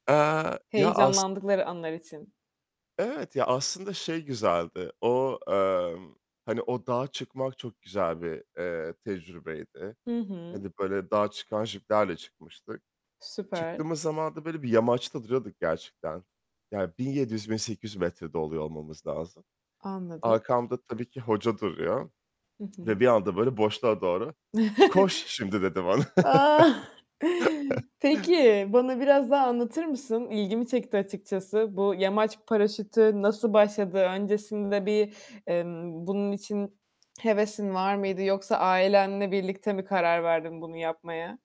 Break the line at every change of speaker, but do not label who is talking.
Eee, ya as
Heyecanlandıkları anlar için.
Evet ya, aslında şey güzeldi. O, eee, hani o dağa çıkmak çok güzel bir, eee, tecrübeydi.
Hı hı.
Hani böyle dağa çıkan jiplerle çıkmıştık.
Süper.
Çıktığımız zaman da böyle bir yamaçta duruyorduk gerçekten, ya 1.700-1.800 metrede oluyor olmamız lazım.
Anladım.
Arkamda tabii ki hoca duruyor
Hı
ve
hı.
bir anda böyle boşluğa doğru "Koş şimdi." dedi bana.
Ah. Peki, bana biraz daha anlatır mısın? İlgimi çekti açıkçası. Bu yamaç paraşütü nasıl başladı? Öncesinde bir, emm, bunun için hevesin var mıydı yoksa ailenle birlikte mi karar verdin bunu yapmaya?